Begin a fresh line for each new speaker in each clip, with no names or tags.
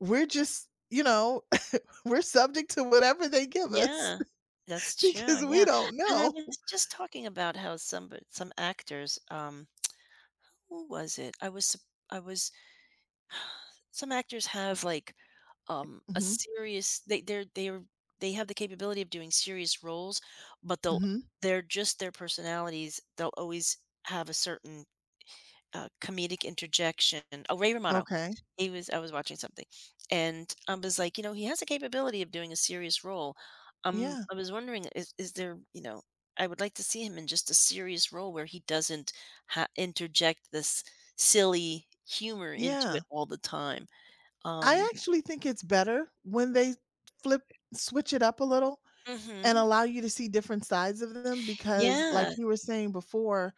We're just you know, we're subject to whatever they give us
Yeah, that's true,
because we
yeah,
don't
and I
know.
was just talking about how somebo some actors, um, who was it? I was su I was, some actors have, like, um, a
Mhm.
serious they they're they're they have the capability of doing serious roles, but, they'll
Mhm.
they're just their personalities, they'll always have a certain, uh, comedic interjection. Oh, Ray Romano,
Okay.
he was I was watching something, and I was, like, "You know, he has the capability of doing a serious role." Um,
Yeah.
I was wondering, is is there you know, I would like to see him in just a serious role where he doesn't ha interject this silly humor into
Yeah.
it all the time,
I
um
actually think it's better when they t flip
Eh
switch it up a little and
Mhm.
allow you to see different sides of them, because, like,
Yeah.
you were saying before,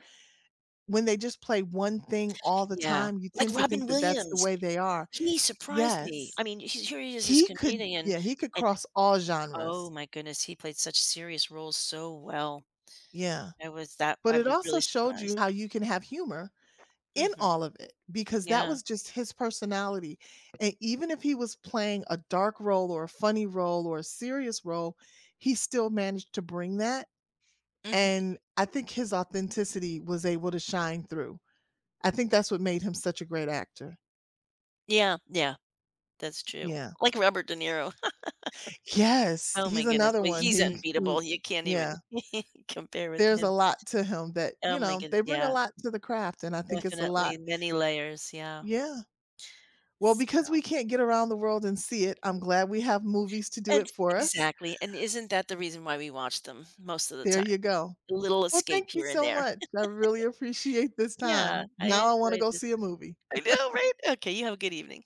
when they just play one thing all the
Yeah,
time, you
like
tend to
Robin
think that that's the
Williams,
way they are.
he surprised me.
Yes,
I mean, he's here he is this
he could
comedian
yeah, he could
and
cross all
Oh
genres.
my goodness, he played such serious roles so well.
Yeah,
I was that
but
I
it
was really
also showed
surprised.
you how you can have humor in
Mhm.
all of it because that
Yeah.
was just his personality, and even if he was playing a dark role, or a funny role, or a serious role, he still managed to bring that,
Mhm.
and I think his authenticity was able to shine through. I think that's what made him such a great actor.
Yeah, yeah, that's true,
Yeah.
like, Robert De Niro.
Yes,
Oh my
he's
goodness,
another
well,
one,
he's
he c ooh,
unbeatable, you can't even
yeah.
compare with
There's a
him.
lot to him that
Oh
you
my
know,
goodne
they bring a
yeah.
lot to the craft, and I think it's a
Definitely
lot.
many layers, yeah.
Yeah. Well, because
So
we can't get around the world and see it, I'm glad we have movies to do
And
it for us.
exactly, and isn't that the reason why we watch them, most of the
There
time?
you go.
A little
Well,
escape
thank you
here and
so
there.
much. I really appreciate this
Yeah,
time.
I
Now I wanna
enjoyed
go
this.
see a movie.
I know, right? Okay, you have a good evening.